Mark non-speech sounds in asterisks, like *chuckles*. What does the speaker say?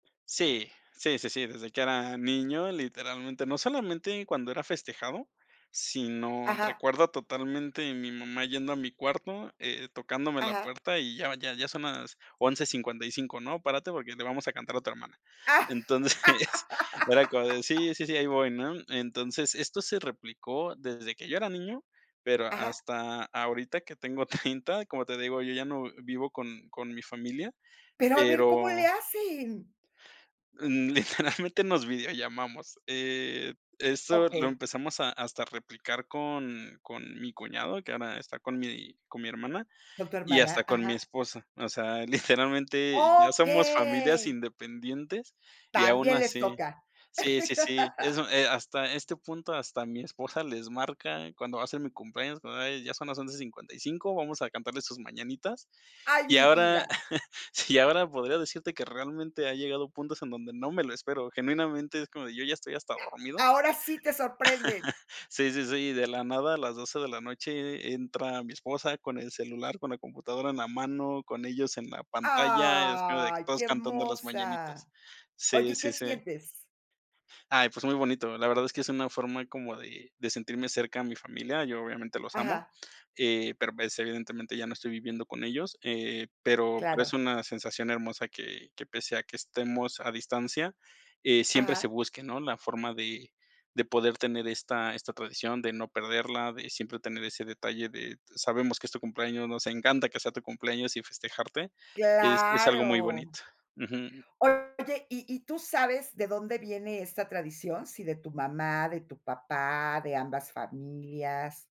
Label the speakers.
Speaker 1: Sí. Sí, sí, sí, desde que era niño, literalmente. No solamente cuando era festejado, sino,
Speaker 2: Ajá.
Speaker 1: recuerdo totalmente mi mamá yendo a mi cuarto, eh, tocándome la
Speaker 2: Ajá.
Speaker 1: puerta y ya ya ya son las 11:55, ¿no? Párate porque le vamos a cantar a tu hermana. Entonces, *chuckles* era como de
Speaker 2: *laughs*
Speaker 1: sí, sí, sí, ahí voy, ¿no? Entonces, esto se replicó desde que yo era niño, pero
Speaker 2: Ajá.
Speaker 1: hasta ahorita que tengo 30, *chuckles* como te digo, yo ya no vivo con con mi familia,
Speaker 2: Pero a ver, ¿cómo
Speaker 1: pero
Speaker 2: le hacen?
Speaker 1: mm, literalmente nos videollamamos. Eh, eso lo
Speaker 2: Okey.
Speaker 1: empezamos hasta a replicar con con mi cuñado, que ahora está con mi con mi hermana
Speaker 2: Con tu
Speaker 1: y
Speaker 2: hermana,
Speaker 1: hasta con mi
Speaker 2: ajá.
Speaker 1: esposa. O sea, literalmente ya somos familias
Speaker 2: ¡Okey!
Speaker 1: independientes y aun
Speaker 2: También les
Speaker 1: así
Speaker 2: toca.
Speaker 1: sí, sí, sí,
Speaker 2: *laughs*
Speaker 1: eso, eh, hasta este punto, hasta mi esposa les marca cuando va ser mi cumpleaños, como: "Hey, ya son las 11:55, vamos a cantarle sus mañanitas".
Speaker 2: ¡Ay,
Speaker 1: Y
Speaker 2: mi
Speaker 1: ahora
Speaker 2: vida!
Speaker 1: *chuckles* sí, ahora podría decirte que realmente ha llegado puntos en donde no me lo espero. Genuinamente es como, yo ya estoy hasta dormido
Speaker 2: Ahora sí te sorprende.
Speaker 1: *laughs* sí, sí, sí, y de la nada a las 12 de la noche e e entra mi esposa con el celular, con la computadora en la mano, con ellos en la pantalla. Es como de que
Speaker 2: ¡Ay!
Speaker 1: todos
Speaker 2: ¡Qué
Speaker 1: cantando las
Speaker 2: hermosa!
Speaker 1: mañanitas
Speaker 2: Oye,
Speaker 1: sí,
Speaker 2: ¿y
Speaker 1: sí,
Speaker 2: qué
Speaker 1: sí.
Speaker 2: sientes?
Speaker 1: Ay, pues muy bonito. La verdad es que es una forma como de de sentirme cerca de mi familia. Yo, obviamente, los amo,
Speaker 2: Ajá.
Speaker 1: eh, pero, pues, evidentemente ya no estoy viviendo con ellos. Eh, pero pero es
Speaker 2: Claro.
Speaker 1: una sensación hermosa que que, pese a que estemos a distancia, eh, siempre se
Speaker 2: Ajá.
Speaker 1: busque, ¿no?, la forma de de poder tener esta esta tradición, de no perderla, de siempre tener ese detalle de sabemos que es tu cumpleaños, nos encanta que sea tu cumpleaños y festejarte, es es algo muy
Speaker 2: Claro.
Speaker 1: bonito Ujú.
Speaker 2: Oye, ¿y y tú sabes de dónde viene esta tradición, si de tu mamá, de tu papá, de ambas familias?